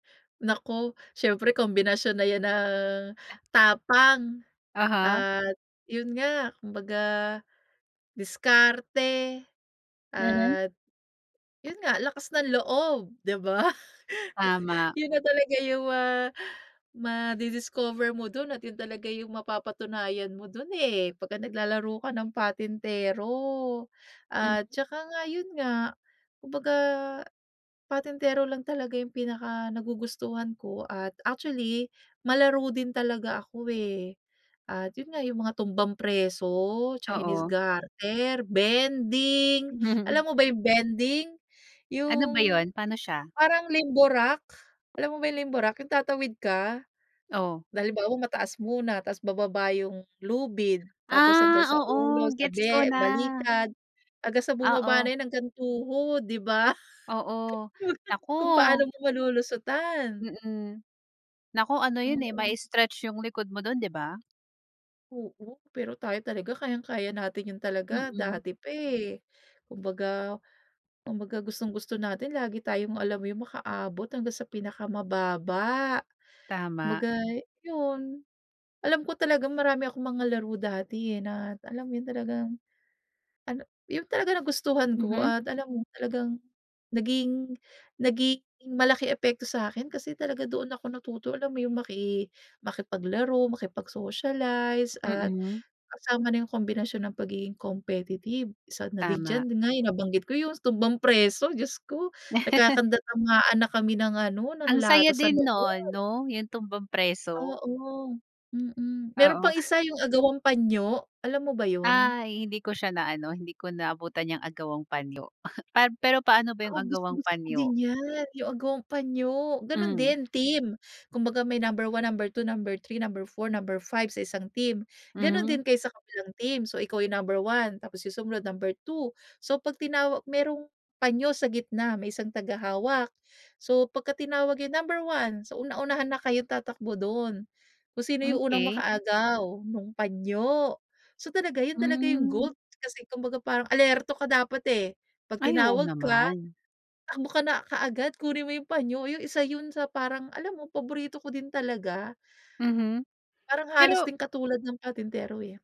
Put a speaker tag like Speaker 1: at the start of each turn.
Speaker 1: Naku, siyempre kombinasyon na 'yan ng tapang
Speaker 2: Aha.
Speaker 1: at yun nga, kumbaga diskarte.
Speaker 2: Mhm.
Speaker 1: At yun nga, lakas ng loob, di ba?
Speaker 2: Tama.
Speaker 1: Yun na talaga yung ma madi-discover mo dun at yun talaga yung mapapatunayan mo dun, eh, 'pag naglalaro ka ng patintero.
Speaker 2: Mhm.
Speaker 1: At tsaka nga, yun nga, kumbaga patentero lang talaga yung pinakanagugustuhan ko at actually, malaro din talaga ako eh. At yun nga, yung mga tumbang preso, chinese
Speaker 2: Oo.
Speaker 1: garter, bending. Alam mo ba yung bending?
Speaker 2: Ano ba
Speaker 1: Yung
Speaker 2: yun? Paano siya?
Speaker 1: parang limbo rock, alam mo ba yung limbo rock? Yung tatawid ka.
Speaker 2: Oh.
Speaker 1: Halimbawa, mataas muna tapos bababa yung lubid tapos
Speaker 2: Ah,
Speaker 1: hanggang sa
Speaker 2: oo.
Speaker 1: ulo, sa
Speaker 2: Gets ko
Speaker 1: be
Speaker 2: na.
Speaker 1: balikat hanggang sa bumaba
Speaker 2: Oo.
Speaker 1: na hanggang tuhod, di ba?
Speaker 2: Oo. Naku!
Speaker 1: Kung paano mo malulusotan.
Speaker 2: Mm. Naku, ano yun, eh,
Speaker 1: Oo.
Speaker 2: mai-stretch yung likod mo dun, di ba?
Speaker 1: Oo, pero tayo talaga kayang-kaya natin yun talaga
Speaker 2: Mm.
Speaker 1: dati pa, eh. Kumbaga kumbaga gustong-gusto natin lagi tayong, alam mo yun, makaabot hanggang sa pinakamababa.
Speaker 2: Tama.
Speaker 1: Kumbaga yun, alam ko talagang marami akong mga laro dati eh, na alam mo yun, talagang ano, yun talaga nagustuhan ko
Speaker 2: Mhm.
Speaker 1: at alam mo, talagang naging nagiging malaki epekto sa akin kasi talaga doon ako natuto. Alam mo yung maki makipaglaro, makipag-socialize at
Speaker 2: Mm.
Speaker 1: kasama na yung kombinasyon ng pagiging competitive. Isa na din
Speaker 2: Tama.
Speaker 1: diyan, yun nga, nabanggit ko yung tumbang preso, diyos ko, nagkakandarapaan na kami ng ano, ng
Speaker 2: Ang saya
Speaker 1: lata sa
Speaker 2: din no'n,
Speaker 1: loob.
Speaker 2: 'no, yung tumbang preso?
Speaker 1: Oo. Mm, meron
Speaker 2: Oo.
Speaker 1: pang isa, yung agawang panyo, alam mo ba yun?
Speaker 2: Ay, hindi ko siya naano, hindi ko naabutan 'yang agawang panyo pad pero paano ba yung
Speaker 1: Oo,
Speaker 2: agawang
Speaker 1: gustong-gusto ko
Speaker 2: panyo?
Speaker 1: din 'yan, yung agawang panyo, gano'n
Speaker 2: Hmm.
Speaker 1: din, team. Kumbaga may number 1, number 2, number 3, number 4, number 5, sa isang team. Gano'n
Speaker 2: Mhm.
Speaker 1: din kayo sa kabilang team. So, ikaw yung number 1, tapos yung sumunod number 2. So, 'pag tinawag merong panyo sa gitna, may isang tagahawak. So, pagka tinawag yung number 1, so, una-unahan na kayong tatakbo dun. Kung sino yung unang
Speaker 2: Okey.
Speaker 1: makaagaw nung panyo. So, talaga, yun talaga yung
Speaker 2: Hmm.
Speaker 1: goal kasi kumbaga parang alerto ka dapat eh, 'pag
Speaker 2: Ay, oo
Speaker 1: tinawag ka,
Speaker 2: naman.
Speaker 1: takbo ka na kaagad, kunin mo yung panyo, yung 1 yun sa parang alam mo paborito ko din talaga.
Speaker 2: Mhm,
Speaker 1: Parang halos
Speaker 2: pero
Speaker 1: singkatulad ng patintero eh.